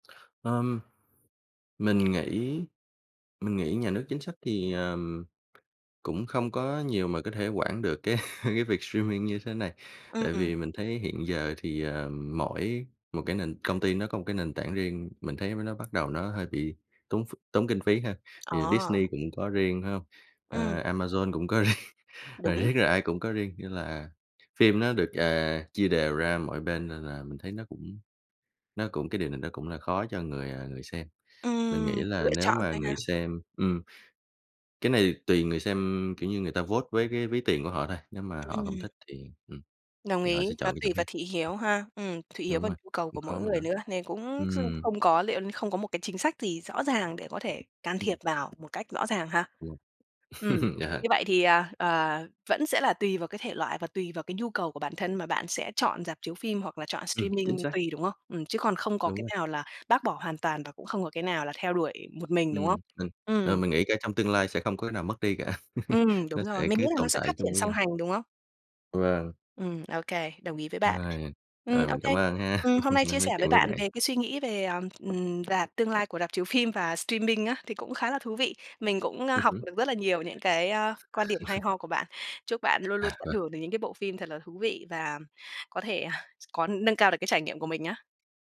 Ờm, mình nghĩ mình nghĩ nhà nước chính sách thì, ờm, cũng không có nhiều mà có thể quản được cái cái việc streaming như thế này. Tại Ừm. vì mình thấy hiện giờ thì, ờ, mỗi một cái nền công ty nó có một cái nền tảng riêng, mình thấy mới nó bắt đầu nó hơi bị tốn ph tốn kinh phí ha, thì Ờ. Disney cũng có riêng, phải hông? Ừm. Ờ, Amazon cũng có riêng, ờ, Đúng. riết là ai cũng có riêng, như là phim nó được, à, chia đều ra mọi bên, nên là mình thấy nó cũng nó cũng cái điều này nó cũng đã khó cho người, à, người xem. Mình nghĩ Ừm, là lựa nếu chọn mà thôi người ha. xem ừm, cái này tùy người xem, kiểu như, người ta vote với cái ví tiền của họ thôi, nếu mà họ không Ừm. thích thì, ừm, Đồng thì họ ý, sẽ nó chọn đi chỗ tùy vào khác. thị hiếu ha, ừm, thị hiếu Đúng và rồi, nhu cầu cũng của mỗi khó mà nó người nữa nên cũng x ừm. không có liệu không có một cái chính sách gì rõ ràng để có thể can thiệp Ừm. vào một cách rõ ràng ha, Ừm. ừm. Ờ. Như vậy thì, ờ, ờ, vẫn sẽ là tùy vào cái thể loại và tùy vào cái nhu cầu của bản thân mà bạn sẽ chọn rạp chiếu phim hoặc là chọn Ừm, chính streaming xác. tùy, đúng không? Ừm, chứ còn không có Đúng cái rồi. nào là bác bỏ hoàn toàn và cũng không có cái nào là theo đuổi một mình, đúng không? Ừm, mình ờ, Ừm. mình nghĩ cả trong tương lai sẽ không có cái nào mất đi cả, Ừm, đúng nó rồi, sẽ mình nghĩ cứ là nó tồn sẽ phát tại triển chung với song nhau. hành, đúng không? Vâng. Ừm, OK, đồng ý với bạn, Rồi, ừm, ờ, mình OK, cảm ơn ha, ừm, hôm nay nay chia sẻ nói với chuyện với bạn bạn về cái suy nghĩ về, à, ừm, rạp tương lai của rạp chiếu phim và streaming á, thì cũng khá là thú vị, mình cũng, ơ, Ừm học hứm. được rất là nhiều những cái, a, quan điểm hay ho của bạn. Chúc bạn luôn luôn À, tận vâng. hưởng được những cái bộ phim thật là thú vị và có thể có nâng cao được cái trải nghiệm của mình nhá.